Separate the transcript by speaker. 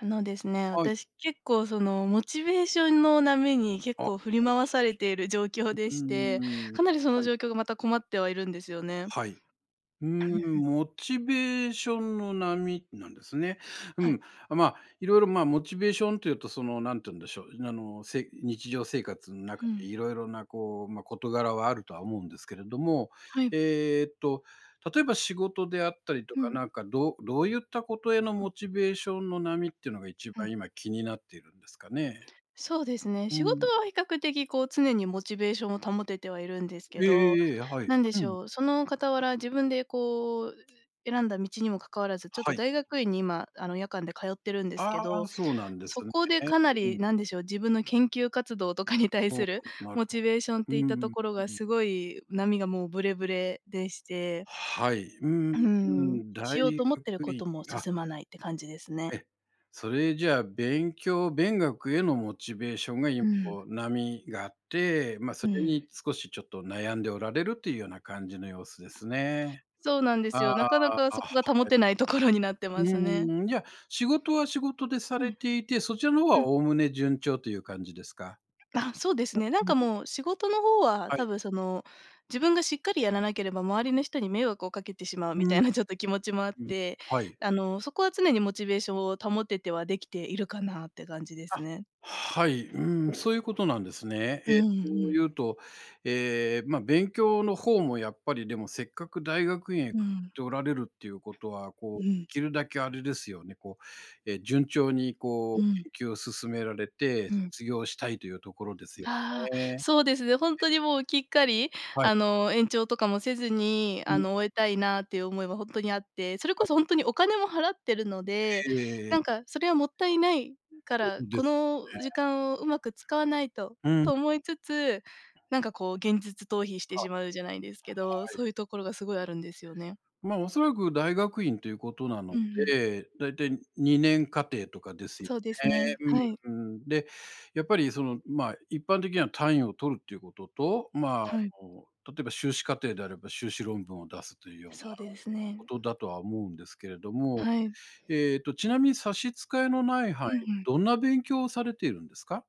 Speaker 1: あのですね、
Speaker 2: はい。
Speaker 1: 私結構そのモチベー
Speaker 2: [unintelligible]
Speaker 1: ションの波に結
Speaker 2: あ。
Speaker 1: 構振り回されている状況
Speaker 2: [unintelligible] う
Speaker 1: で
Speaker 2: うー
Speaker 1: して、
Speaker 2: ん、
Speaker 1: かなりそ
Speaker 2: は
Speaker 1: の
Speaker 2: い。
Speaker 1: 状況がまた困ってはいるんですよね。
Speaker 2: はい。うー
Speaker 1: ふん
Speaker 2: ん、
Speaker 1: ふん。
Speaker 2: モチベーションの波なんですね。
Speaker 1: は
Speaker 2: う
Speaker 1: い。
Speaker 2: ん、あ、まあ、いろいろ、まあ、モチベーションっていうとそのなんて言うんでしょう、あの、せい日常生活ん
Speaker 1: ふ
Speaker 2: 中で
Speaker 1: ん。
Speaker 2: いろいろな、こう、ま、事柄はあるとは思うんですけれども、
Speaker 1: はい。
Speaker 2: えっと、例えば仕事であったりと
Speaker 1: ふ
Speaker 2: か
Speaker 1: ん。
Speaker 2: なんかどうどういったことへの
Speaker 1: は
Speaker 2: モ
Speaker 1: ん。
Speaker 2: チベーションの波ってのが一
Speaker 1: ふ
Speaker 2: 番
Speaker 1: ん。
Speaker 2: 今気になっているんですかね。
Speaker 1: そうですね。
Speaker 2: う
Speaker 1: 仕事
Speaker 2: ん。
Speaker 1: は比較的こう常にモチベーションを保ててはいるんですけ
Speaker 2: ええ
Speaker 1: ど、
Speaker 2: ええええ。あ、はい。
Speaker 1: 何で
Speaker 2: う
Speaker 1: し
Speaker 2: ん。
Speaker 1: ょう、その傍ら自分でこう、うう選んだ道にもかかわらず、ちょっと
Speaker 2: はい。
Speaker 1: 大学院に今あの夜間で通ってるんですけ
Speaker 2: あ
Speaker 1: ど、
Speaker 2: あ、そうなんです
Speaker 1: そ
Speaker 2: ね。
Speaker 1: こでかな
Speaker 2: う
Speaker 1: り
Speaker 2: ん。
Speaker 1: 何でしょう、自分の研究活動とかに対
Speaker 2: ほう、
Speaker 1: する
Speaker 2: くんなる
Speaker 1: モ
Speaker 2: ほ
Speaker 1: チベーションっ
Speaker 2: う
Speaker 1: て
Speaker 2: ん
Speaker 1: いっ
Speaker 2: う
Speaker 1: たと
Speaker 2: ん。
Speaker 1: ころが
Speaker 2: うん。
Speaker 1: すごい波がもうブレブレでして
Speaker 2: はい。うー
Speaker 1: うーん。
Speaker 2: ん、大
Speaker 1: しようと思っている
Speaker 2: 学
Speaker 1: こ
Speaker 2: 院
Speaker 1: とも
Speaker 2: あ
Speaker 1: 進まないって感じですね。
Speaker 2: え、それじゃあ勉強、勉学へのモチベーションが一
Speaker 1: ふん。
Speaker 2: 歩波があって、ま、そ
Speaker 1: う
Speaker 2: れに
Speaker 1: ん。
Speaker 2: 少しちょっと悩んでおられるというような感じの様子ですね。
Speaker 1: そうなんで
Speaker 2: あ
Speaker 1: すよ。な
Speaker 2: あ。
Speaker 1: かなか
Speaker 2: あ、は
Speaker 1: そこが保
Speaker 2: い。
Speaker 1: てないところになって
Speaker 2: う
Speaker 1: ますね。
Speaker 2: ーん、じゃ、仕事は仕事でさ
Speaker 1: う
Speaker 2: れ
Speaker 1: ん。
Speaker 2: ていて、そちらの方
Speaker 1: うん。
Speaker 2: は概ね順調という感じですか。
Speaker 1: あ、そうですね。なんか
Speaker 2: [unintelligible]
Speaker 1: もう仕事の方は
Speaker 2: はい。
Speaker 1: 多分その、自分がしっかりやらなければ周りの人に迷惑をかけてしまう
Speaker 2: う
Speaker 1: み
Speaker 2: ん。
Speaker 1: た
Speaker 2: うう
Speaker 1: いなちょっと気持ちもあっ
Speaker 2: うん。
Speaker 1: て、
Speaker 2: はい。
Speaker 1: あのそこは常にモチベーションを保ててはできているかなって感じです
Speaker 2: あ、
Speaker 1: ね。
Speaker 2: はい。うーん、そういうことなんですね。
Speaker 1: うん
Speaker 2: え、と
Speaker 1: うん。
Speaker 2: 言うと、え、ま、勉強の方もやっぱりでもせっかく大学院へ
Speaker 1: う
Speaker 2: か
Speaker 1: ん。
Speaker 2: っておられるっていうことは
Speaker 1: う
Speaker 2: こう
Speaker 1: ん。
Speaker 2: きるだけあれですよね、こう、え、順調にこ
Speaker 1: う
Speaker 2: う
Speaker 1: ん。
Speaker 2: 研究を進められて、
Speaker 1: うん。
Speaker 2: 卒業したいというところですよ
Speaker 1: ああ、
Speaker 2: ね。
Speaker 1: そうですね、ほん
Speaker 2: え。
Speaker 1: とにもうきっかり、
Speaker 2: はい。
Speaker 1: あの、延長とかもせずに、
Speaker 2: うん。
Speaker 1: あの終え
Speaker 2: う
Speaker 1: たいなっていう思いはほんとにあって、それ
Speaker 2: は
Speaker 1: こ
Speaker 2: い。
Speaker 1: そほんとにお金も払ってるので、
Speaker 2: ええええ、え。
Speaker 1: なんかそれはもったいない、ん、か
Speaker 2: そう
Speaker 1: ら、
Speaker 2: で
Speaker 1: こ
Speaker 2: す
Speaker 1: の時
Speaker 2: ね。
Speaker 1: 間をうまく使わないと、
Speaker 2: うん。
Speaker 1: と思いつつ、なんかこう現実逃避して
Speaker 2: は
Speaker 1: しまうじゃないですけど、
Speaker 2: あ。はい。
Speaker 1: そういうところがすごいあるんですよね。
Speaker 2: ま、おそらく大学院ということなの
Speaker 1: うんうん。
Speaker 2: で、だいたい二年課程とかですよ
Speaker 1: そうです
Speaker 2: ね。
Speaker 1: ね、はい。
Speaker 2: うんうん。で、やっぱりその、まあ、一般的には単位を取るっていうことと、まあ、あ
Speaker 1: はい。
Speaker 2: の例えば修士課程であれば修士論文を出すというような
Speaker 1: そうですね。
Speaker 2: ことだとは思うんですけれども、
Speaker 1: はい。
Speaker 2: えっとちなみに差し支えのない範囲
Speaker 1: うんうん。
Speaker 2: どんな勉強をされているんですか？